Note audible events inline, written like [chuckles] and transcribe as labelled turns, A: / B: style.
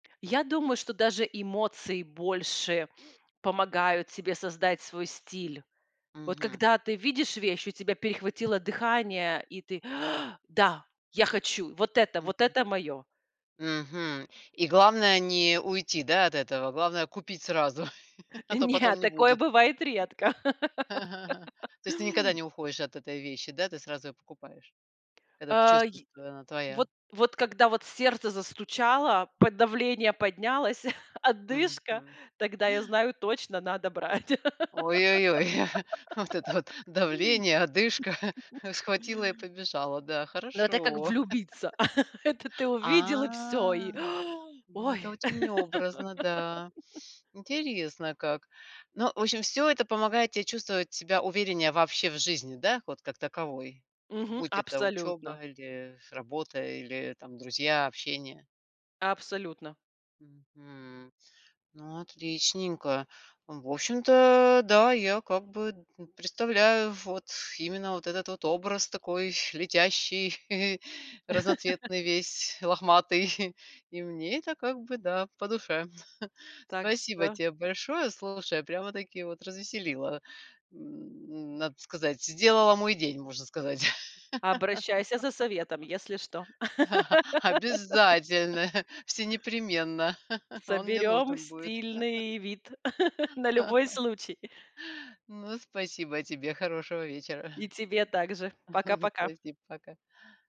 A: Я думаю, что даже эмоции больше помогают тебе создать свой стиль. Вот
B: Мгм.
A: когда ты видишь вещь, у тебя перехватило дыхание, и ты: [gasps] "Да, я хочу! Вот это
B: Мгм.
A: вот это моё!"
B: Мгм. И главное не уйти, да, от этого. Главное, купить сразу, [chuckles] а то
A: Не, [chuckles]
B: потом не
A: такое
B: будет.
A: бывает редко.
B: [chuckles]
A: [laughs]
B: То есть ты никогда не уходишь от этой вещи, да, ты сразу её покупаешь? Когда ты
A: Э,
B: чувствуешь,
A: й э,
B: что она
A: вот
B: твоя.
A: вот когда вот сердце застучало, п давление поднялось, [chuckles] одышка,
B: Мгм.
A: тогда, я
B: [gasps]
A: знаю: точно надо брать.
B: Ой-ой-ой. [chuckles] Вот это вот
A: [laughs]
B: давление, одышка
A: [chuckles]
B: [chuckles] схватила и побежала. Да,
A: Ну, это как
B: хорошо.
A: влюбиться. [chuckles] Это ты
B: [laughs]
A: увидел, и всё и:
B: А,
A: [gasps]
B: ну,
A: "Ой".
B: это очень образно, да.
A: [laughs]
B: Интересно как. Ну, в общем, всё это помогает те чувствовать себя увереннее вообще в жизни, да, вот как таковой.
A: Мгм.
B: Будь это
A: Абсолютно.
B: учёба или работа, или там друзья, общение.
A: Абсолютно.
B: Мгм. Ну, отличненько. Ну, в общем-то, да, я как бы н представляю вот именно вот этот вот образ такой, летящий [chuckles] разноцветный
A: [laughs]
B: весь, лохматый. [chuckles] И мне это как бы, да, по душе. [chuckles]
A: Так
B: Спасибо
A: что
B: те большое, слушай, прямо-таки вот развеселила. М, надо сказать, сделала мой день, можно сказать.
A: Обращайся за советом, если что.
B: [laughs]
A: [laughs]
B: Обязательно, [chuckles] всенепременно, [chuckles] он мне
A: Соберём
B: нужен будет.
A: стильный вид [chuckles] на любой
B: [laughs]
A: случай.
B: Ну, спасибо тебе, хорошего вечера.
A: И тебе также.
B: [chuckles]
A: Пока-пока.
B: Спасибо. Пока.